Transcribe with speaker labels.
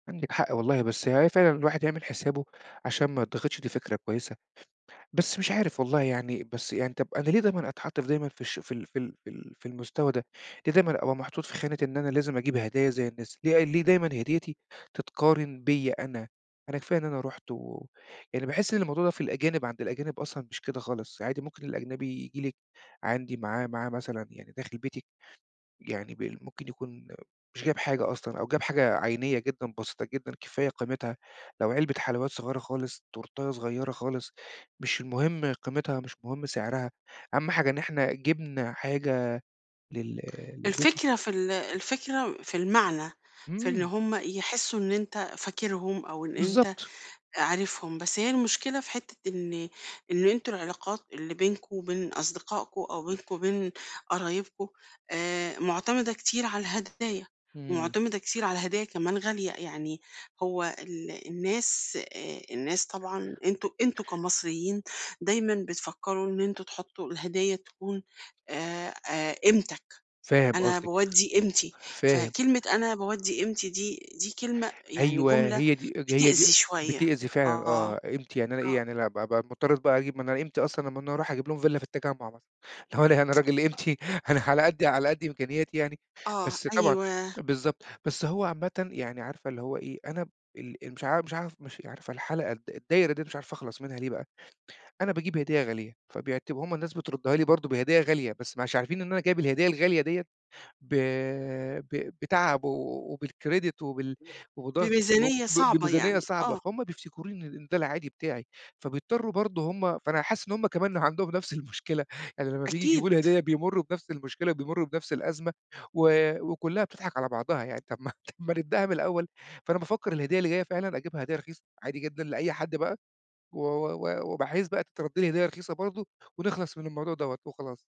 Speaker 1: عندِك حق والله، بس هي فعلًا الواحد يعمل حسابه عشان ما يتضغطش دي فكرة كويسة. بس مش عارف والله يعني بس يعني طَب أنا ليه دايمًا أتحَط في دايمًا في الش في ال في ال في ال في المستوى ده؟ ليه دايمًا أبقى محطوط في خانة إن أنا لازم أجيب هدايا زي الناس؟ ليه ليه دايمًا هديّتي تتقارن بيّا أنا؟ أنا كفاية إن أنا رُحت و يعني باحِس إن الموضوع ده في الأجانب عند الأجانب أصلًا مش كده خالص. عادي ممكن الأجنبي ييجي لِك عندي معاه معاه مثلًا يعني داخل بيتي يعني بال ممكن يكون مش جايب حاجة أصلًا، أو جاب حاجة عينيّة جدًا، بسيطة جدًا كفاية قيمتها. لو علبة حلويّات صغيرة خالص، تورتاية صغيرة خالص، مش المهم قيمتها، مش مهم سعرها، أهَم حاجة إن إحنا جِبنا حاجة لل للبيت و
Speaker 2: الفكرة في ال الفكرة في المعنى، في إن
Speaker 1: إمم.
Speaker 2: هم يحسّوا إن أنت فاكرهم أو إن أنت
Speaker 1: بالضبط.
Speaker 2: عارفهم، بس هي المشكلة في حتّة إن إن أنتم العلاقات اللي بينكم وبين أصدقائكم أو بينكم وبين قرايبكم، آآ معتمدة كتير على الهدايا
Speaker 1: إمم.
Speaker 2: ومعتمدة كتير على هدايا كمان غالية. يعني هو ال الناس آآ الناس طبعًا أنتم أنتم كمصريين، دايمًا بتفكّروا إن أنتم تحطّوا الهدايا تكون آآ آآ قيمتك.
Speaker 1: فاهم
Speaker 2: أنا
Speaker 1: قصدِك.
Speaker 2: باودّي قيمتي،
Speaker 1: فاهم.
Speaker 2: فكلمة أنا باودّي قيمتي دي، دي كلمة يعني
Speaker 1: أيوة،
Speaker 2: جملة
Speaker 1: هي دي اج هي دي
Speaker 2: بتأذي شوية.
Speaker 1: بتأذي فعلًا
Speaker 2: آه.
Speaker 1: آه، قيمتي يعني أنا إيه
Speaker 2: آه.
Speaker 1: يعني لا بقي أبقي مضطر بقى أجيب من قيمتي أصلًا لمّا أنا أروح أجيب لهم فيلا في التجمُّع مثلًا. اللي هو أنا راجل قيمتي أنا على قدّي على قد إمكانياتي يعني.
Speaker 2: آه،
Speaker 1: بس طبعًا
Speaker 2: أيوه.
Speaker 1: بالضبط. بس هو عامةً يعني عارفة اللي هو إيه، أنا ب ال ال مش عارف مش عارف مش عارفة الحلقة الد الدايرة دي مش عارف أخلص منها، ليه بقى؟ أنا باجيب هديّة غالية، فبيعتب هم الناس بتردّها لي برضه بهدية غالية، بس مش عارفين إن أنا جايب الهدية الغالية ديّة ب ب بتعب و وبالCredit وبال وبضغط وب
Speaker 2: بميزانية صعبة
Speaker 1: وبميزانية
Speaker 2: يعني
Speaker 1: صعبة،
Speaker 2: آه.
Speaker 1: فهُم بفتكروني إن ده العادي بتاعي. فبيضطرّوا برضه هم فأنا حاسِس إن هم كمان عندهم نفس المشكلة، يعني لما بييجي
Speaker 2: أكيد.
Speaker 1: يجيبوا لي هدايا، بيمرّوا بنفس المشكلة وبيمرّوا بنفس الأزمة و وكُلّها بتضحك على بعضها يعني. طَب ما ما نبدأها من الأول. فأنا بافكّر الهدية اللي جاية فعلًا، أجيبها هدية رخيصة عادي جدًا لأي حد بقى و و و وبحيث بقى تترد لي هدية رخيصة برضه، ونخلص من الموضوع دوّة وخلاص.